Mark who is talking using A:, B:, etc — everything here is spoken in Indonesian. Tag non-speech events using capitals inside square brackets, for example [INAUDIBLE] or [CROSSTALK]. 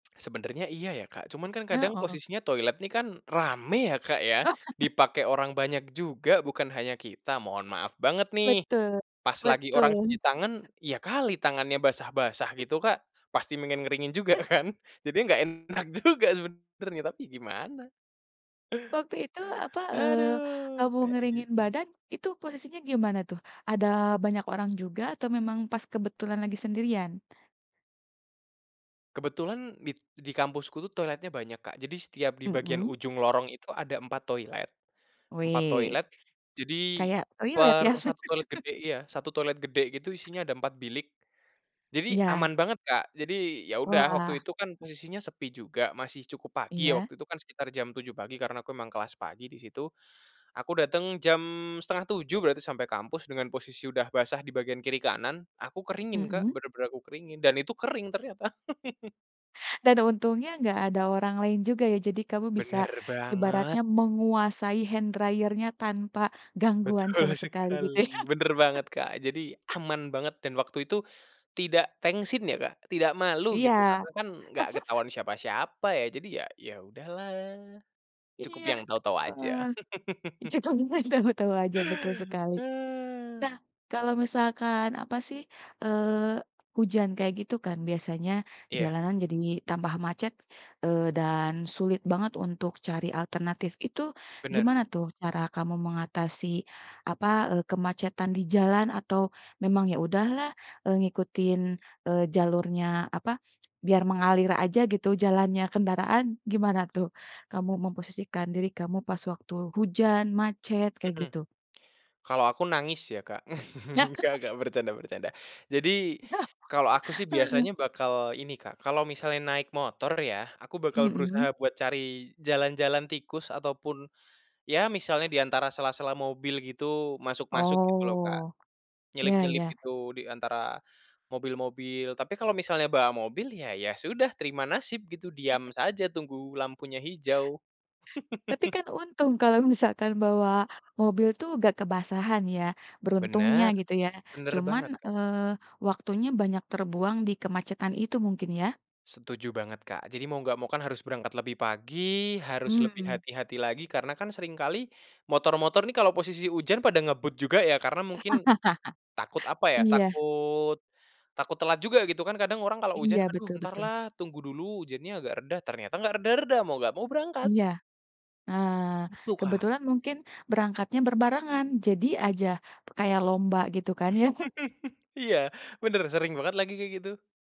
A: Sebenarnya iya ya, Kak. Cuma kan kadang
B: Heeh.
A: posisinya toilet nih kan rame ya, Kak, ya.
B: [CHUCKLES]
A: Dipakai orang banyak juga bukan hanya kita, mohon maaf banget nih.
B: Betul,
A: Pas lagi orang cuci
B: betul.
A: tangan ya kali tangannya basah-basah
B: Oke.
A: gitu, Kak. Pasti pengen ngeringin juga
B: [CHUCKLES]
A: kan. Jadi nggak enak juga sebenarnya tapi gimana. Aduh, kayak gitu.
B: Waktu itu apa, eee,
A: Aduh,
B: kamu
A: kayak
B: ngeringin
A: gitu.
B: badan itu posisinya gimana tuh? Ada banyak orang juga atau memang pas kebetulan lagi sendirian?
A: Kebetulan di di kampusku tuh toiletnya banyak, Kak. Jadi setiap di bagian
B: Mmm.
A: ujung lorong itu ada empat toilet empat
B: Wih.
A: toilet. Jadi
B: Kayak toilet
A: per
B: ya.
A: 1 toilet gede
B: [CHUCKLES]
A: iya, 1 toilet gede gitu isinya ada 4 bilik. Jadi
B: Iya.
A: aman banget, Kak. Jadi ya udah waktu
B: Wah.
A: itu kan posisinya sepi juga, masih cukup pagi ya,
B: Iya.
A: waktu itu kan sekitar jam 7.00 pagi karena aku memang kelas pagi di situ. Aku datang jam 6.30 berarti sampai kampus dengan posisi udah basah di bagian kiri-kanan, aku keringin, Kak,
B: Mmm.
A: benar-benar aku keringin dan itu kering ternyata. [CHUCKLES]
B: Dan ada untungnya nggak ada orang lain juga ya. Jadi kamu bisa,
A: Benar banget.
B: ibaratnya menguasai hand dryer-nya tanpa gangguan
A: Betul
B: sama sekali, gitu ya.
A: sekali, benar
B: [CHUCKLES]
A: banget, Kak. Jadi aman banget dan waktu itu tidak tengsin ya, Kak, tidak malu gitu karena
B: Iya.
A: kan nggak
B: [CHUCKLES]
A: ketahuan siapa-siapa ya. Jadi ya ya udahlah, cukup
B: Iya.
A: yang tahu-tahu aja. [CHUCKLES]
B: [UNINTELLIGIBLE] kamu tahu aja, betul sekali. Nah, kalau misalkan apa sih, eee, hujan kayak gitu kan biasanya
A: Iya.
B: jalanan jadi tambah macet, eee, dan sulit banget untuk cari alternatif. Itu
A: Benar.
B: gimana tuh cara kamu mengatasi apa, eee, kemacetan di jalan atau memang, "Ya udahlah, eee, ngikutin, eee, jalurnya apa, biar mengalir aja gitu jalannya kendaraan." Gimana tuh kamu memposisikan diri kamu pas waktu hujan, macet, kayak
A: Mmm.
B: gitu?
A: Kalau aku nangis ya, Kak. [CHUCKLES] Nggak
B: [CHUCKLES]
A: nggak, bercanda bercanda. Jadi,
B: [CHUCKLES]
A: kalau aku sih
B: Heeh.
A: biasanya bakal ini, Kak, kalau misalnya naik motor ya, aku bakal
B: Mmm.
A: berusaha buat cari jalan-jalan tikus ataupun ya misalnya di antara sela-sela mobil gitu, masuk-masuk gitu loh, Kak.
B: Oh, ya
A: Nyelip-nyelip
B: ya.
A: gitu di antara mobil-mobil. Tapi kalau misalnya bawa mobil ya, ya sudah terima nasib gitu. Diam saja tunggu lampunya hijau.
B: Tapi
A: [CHUCKLES]
B: kan untung kalau misalkan bawa mobil tuh nggak kebasahan ya. Beruntungnya
A: Benar.
B: gitu ya.
A: Benar banget,
B: Cuman,
A: Kak.
B: eee, waktunya banyak terbuang di kemacetan itu mungkin ya.
A: Setuju banget, Kak. Jadi mau nggak mau kan harus berangkat lebih pagi, harus lebih
B: Mmm.
A: hati-hati lagi karena kan sering kali motor-motor nih kalo posisi hujan pada ngebut juga ya karena mungkin takut,
B: [CHUCKLES]
A: apa ya,
B: Iya.
A: takut takut telat juga gitu kan. Kadang orang kalau hujan,
B: Iya
A: "Aduh,
B: betul betul.
A: entarlah tunggu dulu hujannya agak reda." Ternyata nggak reda-reda, mau nggak mau berangkat.
B: Iya. Eee,
A: Itu, Kak.
B: kebetulan mungkin berangkatnya berbarengan. Jadi aja, kayak lomba gitu kan ya. [CHUCKLES]
A: [CHUCKLES] Iya, bener. Sering banget lagi kayak gitu.